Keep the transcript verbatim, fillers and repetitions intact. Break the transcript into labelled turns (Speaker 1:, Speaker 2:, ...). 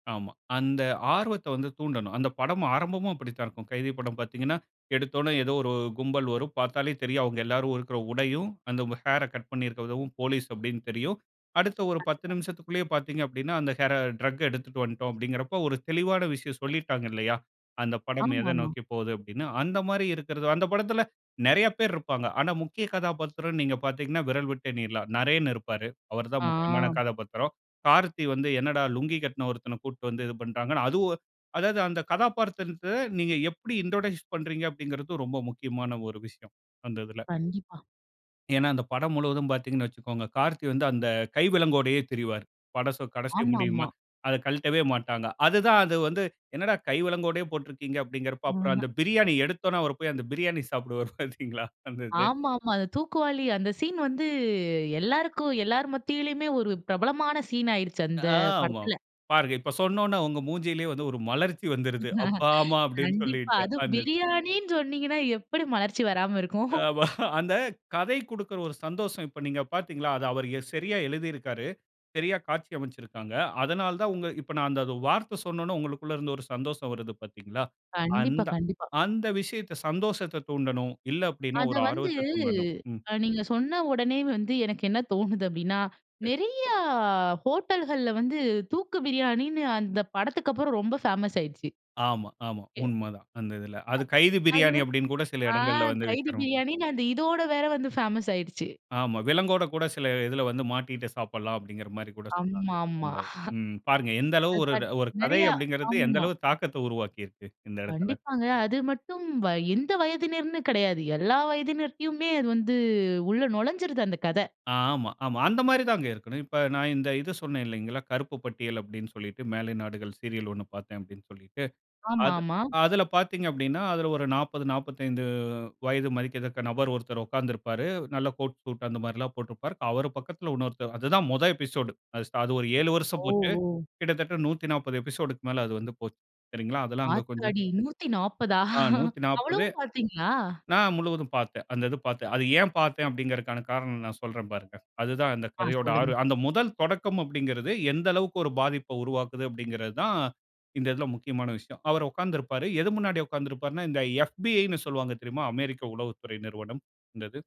Speaker 1: ஆமா. அந்த ஆர்வத்த வந்து தூண்டணும். அந்த படம் ஆரம்பமும் அப்படித்தான் இருக்கும். கைதி படம் பாத்தீங்கன்னா, எடுத்தோன ஏதோ ஒரு கும்பல் வரும் பாத்தாலே தெரியும். அவுங்க எல்லாரும் இருக்கிற உடையும் அந்த ஹேர்ற கட் பண்ணியிருக்கிறதவும் போலீஸ் அப்டின்னு தெரியும். அடுத்த ஒரு பத்து
Speaker 2: கண்டிப்பா.
Speaker 1: நிமிஷத்திக்குள்ளேயே பாத்தீங்க அப்டின்னா, "அந்த ஹேர டிரக் எடுத்துக்கிட்டு வந்துட்டோம்." அப்டின்கிறப்போ ஒரு தெளிவான விஷயம் சொல்லிட்டாங்க இல்லயா? அந்த படம்
Speaker 2: ஆமா,
Speaker 1: எத
Speaker 2: ஆமா.
Speaker 1: நோக்கிபோகுது அப்டின்னு. அந்த மாதிரி இருக்குறது. அந்த படத்தில நெறைய பேர் இருப்பாங்க. ஆனா, முக்கிய கதாபாத்திரம்ன்னு நீங்க பாத்தீங்கன்னா விரல் விட்டு எண்ணிறலாம். நரேன் இருப்பாரு அவர் தான்
Speaker 2: ஆ.
Speaker 1: முக்கியமான கதாபாத்திரம். கார்த்தி வந்து என்னடா லுங்கி கட்ன ஒருத்தன கூட்டிட்டு வந்து இது பண்றாங்க. அதுவும் அதாவது அந்த கதாபாத்திரத்த நீங்க எப்படி இன்ட்ரோடியூஸ் பண்றீங்க அப்டிங்கிறது ரொம்ப முக்கியமான ஒரு விஷயம் அந்த இதில.
Speaker 2: கண்டிப்பா.
Speaker 1: ஏன்னா, அந்த படம் முழுவதும் பாத்தீங்கன்னு வச்சிக்கோங்க, கார்த்தி வந்து அந்த கை விலங்கோடயே திரிவாரு. படம் சொ கடைசி
Speaker 2: ஆமா,
Speaker 1: முடியுமா?
Speaker 2: ஆமா.
Speaker 1: அதை கழட்டவே மாட்டாங்க. அது தான் அது வந்து என்னடா கைவிலங்கோடையே போட்ருக்கிறீங்க அப்டின்கிறப்போ அப்புறம்
Speaker 2: ம்.
Speaker 1: அந்த பிரியாணி எடுத்தவொன்னே, அவர் போய் அந்த பிரியாணி சாப்பிடுவார் பாத்தீங்களா. அந்த இது.
Speaker 2: ஆமா, ஆமா. அந்த தூக்குவாளி அந்த சீன் வந்து எல்லாருக்கும் எல்லார் மத்தியிலயுமே ஒரு பிரபலமான சீன் ஆயிருச்சு அந்த
Speaker 1: ஆ ஆமா.
Speaker 2: படத்துல.
Speaker 1: பாருங்க இப்ப சொன்னவுன்னே உங்க மூஞ்சிலேயே வந்து ஒரு மலர்ச்சி வந்துருது. அப்பா, ஆமான்னு அப்டின்னு
Speaker 2: கண்டிப்பா
Speaker 1: சொல்லிட்டு.
Speaker 2: அதுவும்
Speaker 1: அந்த.
Speaker 2: பிரியாணின்னு சொன்னீங்கன்னா எப்டி மலர்ச்சி வராம இருக்கும்.
Speaker 1: அ ஆமா அந்த கதை குடுக்கிற ஒரு சந்தோஷம் இப்ப நீங்க பாத்தீங்களா? அதை அவர் சரியா எழுதியிருக்காரு. சரியா காட்சி அமைச்சிருக்காங்க. அதனால தான் உங்க இப்ப நான் அந்த வார்த்த சொன்ன உடனே உங்களுக்குள் இருந்து ஒரு சந்தோசம் வருது பாத்தீங்களா?
Speaker 2: கண்டிப்பா,
Speaker 1: அந்த
Speaker 2: கண்டிப்பா.
Speaker 1: அந்த விஷயத்த சந்தோசத்த தூண்டணும். இல்ல, அப்டின்னா
Speaker 2: அத
Speaker 1: ஒரு
Speaker 2: வந்து
Speaker 1: ஆர்வத்த தூண்டணும். ம்.
Speaker 2: நீங்க சொன்ன உடனே வந்து எனக்கு என்ன தோணுது அப்படின்னா
Speaker 1: [unintelligible]
Speaker 2: நெறைய ஹோட்டல்கள்ல வந்து தூக்கு பிரியாணின்னு அந்த படத்துக்கப்புறம் ரொம்ப ஃபேமஸ் ஆயிருச்சு.
Speaker 1: ஆமா, ஆமா
Speaker 2: ஏ.
Speaker 1: உண்மதான் அந்த இதில. அது கைதி
Speaker 2: அது
Speaker 1: பிரியாணி
Speaker 2: வந்து
Speaker 1: அப்டின்னுகூட சில
Speaker 2: ஆ
Speaker 1: இடங்கள்ல வந்து
Speaker 2: கைதி
Speaker 1: விக்கணும்.
Speaker 2: பிரியாணின்னு அந்த இதோடு வேற வந்து ஃபேமஸ் ஆயிடுச்சு.
Speaker 1: ஆமா விலங்கோட கூட சில இதில வந்து மாட்டிக்கிட்டு சாப்பிடலாம் அப்டின்கிற மாரி கூட சொல்றாங்க.
Speaker 2: ஆமா, ஆமா.
Speaker 1: அந்த ம் பாருங்க. எந்த அளவு
Speaker 2: அது
Speaker 1: ஒரு கதை
Speaker 2: நெறையா
Speaker 1: அப்டின்கிறது எந்த
Speaker 2: ஆமா.
Speaker 1: அளவு தாக்கத்த உருவாக்கிருக்கு இந்த இடத்தில.
Speaker 2: கண்டிப்பாங்க அது மட்டும் வ எந்த வயதின்னருன்னு கெடையாது. எல்லா வயதினருமே அது வந்து உள்ள நொழைஞ்சுருது அந்த கதை.
Speaker 1: ஆமா, ஆமா அந்த மாரி தாங்க இருக்கணும். இப்ப நான் இந்த இது சொன்னேன் இல்லைங்களா? கருப்பு பட்டியல் அப்டின்னு சொல்லிட்டு மேலை நாடுகள் சீரியல் ஒண்ணு பார்த்தேன் அப்டின்னு சொல்லிட்டு.
Speaker 2: ஆமா,
Speaker 1: அது
Speaker 2: ஆமா.
Speaker 1: அதில பாத்தீங்க அப்டின்னா அதில ஒரு நாப்பது, நாப்பத்தைந்து வயது மதிக்கத்தக்க நபர் ஒருத்தர் உட்கார்ந்திருப்பாரு. நல்ல கோட் சூட் அந்த மாரிலாம் போட்டிருப்பாரு. அவர் பக்கத்தில இன்னொருத்தர் அது தான் முதல் எபிசோடு அது ச ஒரு ஏழு வருஷம் போச்சு.
Speaker 2: ஓஹோ!
Speaker 1: கிட்டத்தட்ட நூத்தி நாப்பது எபிசோடுக்கு மேல அது வந்து போச்சு. சரிங்களா? அதெல்லாம் அங்க கொஞ்சம்.
Speaker 2: ஆத்தாடி! நூத்தி நாப்பதா
Speaker 1: ஆ நூத்தி நாப்பது
Speaker 2: அவ்ளவும் பார்த்தீங்களா?
Speaker 1: நான் முழுவதும் பாத்தேன். அந்த இது பாத்தேன். அது ஏன் பாத்தேன் அப்டிங்கிறதுக்கான காரணம் நான் சொல்றேன் பாருங்க. அது தான் அந்த
Speaker 2: ஆ
Speaker 1: கதையோட ஆர்
Speaker 2: சொல்லுங்க.
Speaker 1: அந்த முதல் தொடக்கம் அப்படின்கிறது எந்த அளவுக்கு ஒரு பாதிப்பை உருவாக்குது அப்படின்கிறது தான் இந்த இதில முக்கியமான விஷயம். அவரு உட்கார்ந்துருப்பாரு. எது முன்னாடி உட்கார்ந்திருப்பாருன்னா இந்த FBIன்னு சொல்வாங்க தெரியுமா? அமெரிக்க உளவு துறை நிறுவனம். அந்த இது.